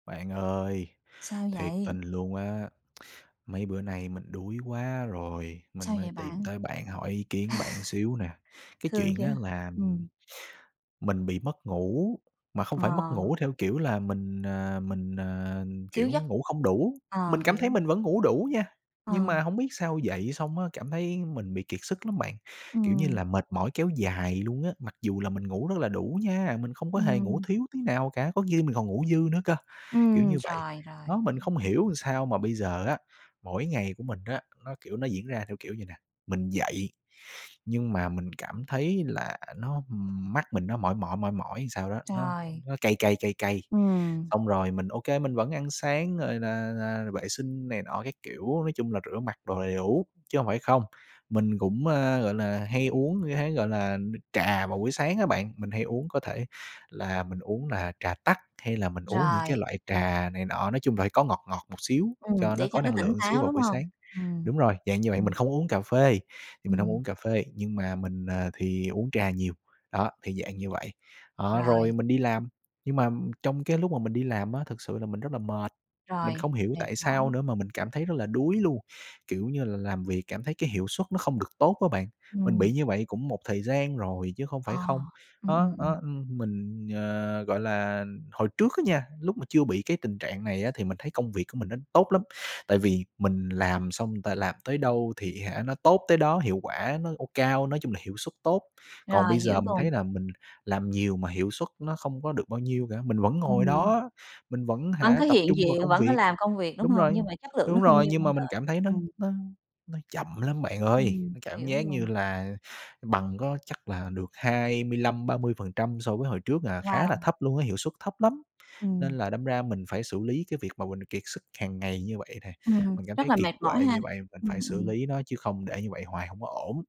Bạn ơi, Sao thiệt vậy? tình luôn á. Mấy bữa nay mình đuối quá rồi, mình Sao mới vậy tìm bạn? tới bạn hỏi ý kiến bạn xíu nè. Cái Thương chuyện á, chưa. là Ừm. mình bị mất ngủ, mà không Ờ. phải mất ngủ theo kiểu là mình, à, mình, à, Thiếu kiểu, giấc. ngủ không đủ, Ờ, mình cảm hiểu. thấy mình vẫn ngủ đủ nha, nhưng mà Ờ. hổng biết sao dậy xong á cảm thấy mình bị kiệt sức lắm bạn. Kiểu như Ừm. là mệt mỏi kéo dài luôn á, mặc dù là mình ngủ rất là đủ nha, mình không có hề ngủ Ừm. thiếu tí nào cả, có khi mình còn ngủ dư nữa cơ, kiểu Ừm. như vậy. Rồi, rồi. Đó mình [unintelligible] không hiểu làm sao mà bây giờ á, mỗi ngày của mình á, nó, kiểu, nó diễn ra theo kiểu vầy nè, mình dậy, nhưng mà mình cảm thấy là nó mắt mình nó mỏi mỏi, mỏi mỏi làm sao đó, nó Rồi. nó cay cay, cay cay, Ừm. xong rồi mình, ô kê, mình vẫn ăn sáng rồi là là vệ sinh này nọ các kiểu. Nói chung là rửa mặt đồ đầy đủ, chứ hông phải không. Mình cũng, a, gọi là, hay uống như thế, gọi là, nước trà vào buổi sáng á bạn, mình hay uống có thể là mình uống là trà tắc, hay là mình uống những cái Rồi. loại trà này nọ, nói chung là phải có ngọt ngọt một xíu Ừm, cho nó để cho có nó năng tỉnh lượng xíu táo, vào đúng buổi hông? sáng. Ừm. Đúng rồi, dạng như vậy, Ừm. mình không uống cà phê, thì mình hông Ừm. uống cà phê, nhưng mà mình, à, thì uống trà nhiều. Đó, thì dạng như vậy. Đó, Rồi. rồi mình đi làm, nhưng mà trong cái lúc mà mình đi làm á, thực sự là mình rất là mệt, mình Rồi. không hiểu Mệt tại sao mỏi. nữa mà mình cảm thấy rất là đuối luôn. Kiểu như là làm việc cảm thấy cái hiệu suất nó không được tốt á bạn. Mình Ừm. bị như vậy cũng một thời gian rồi chứ không phải Ờ. không. Ừm, ừm, Đó, ừm. đó, ưm, mình, ờ, gọi là, hồi trước á nha, lúc mà chưa bị cái tình trạng này á thì mình thấy công việc của mình nó tốt lắm, tại vì mình làm xong, người ta làm tới đâu thì hả nó tốt tới đó, hiệu quả nó, ô cao, nói chung là hiệu suất tốt, còn Rồi, bây hiểu giờ mình luồn. thấy là mình làm nhiều mà hiệu suất nó không có được bao nhiêu cả. Mình vẫn ngồi Ừm. đó, mình vẫn Vẫn hả có tập hiện trung vào diện, công vẫn có việc. làm công việc, đúng Đúng hông? rồi. Nhưng mà chất lượng nó Đúng không rồi, như nhưng mong mà mình đợi. cảm thấy nó Ừm. nó nó chậm lắm bạn ơi, Ừm, cảm hiểu giác như luôn. là bằng có chắc là được 25%-30% so với hồi trước à, khá là Wow. thấp luôn á, hiệu suất thấp lắm. Nên Ừm. là đâm ra mình phải xử lý cái việc mà mình kiệt sức hằng ngày như vậy nè. Ừm, Mình cảm rất thấy là kiệt mệt mỏi quệ ha. như vậy, mình Ừm, phải xử ừm. lý nó chứ không để như vậy hoài hông có ổn.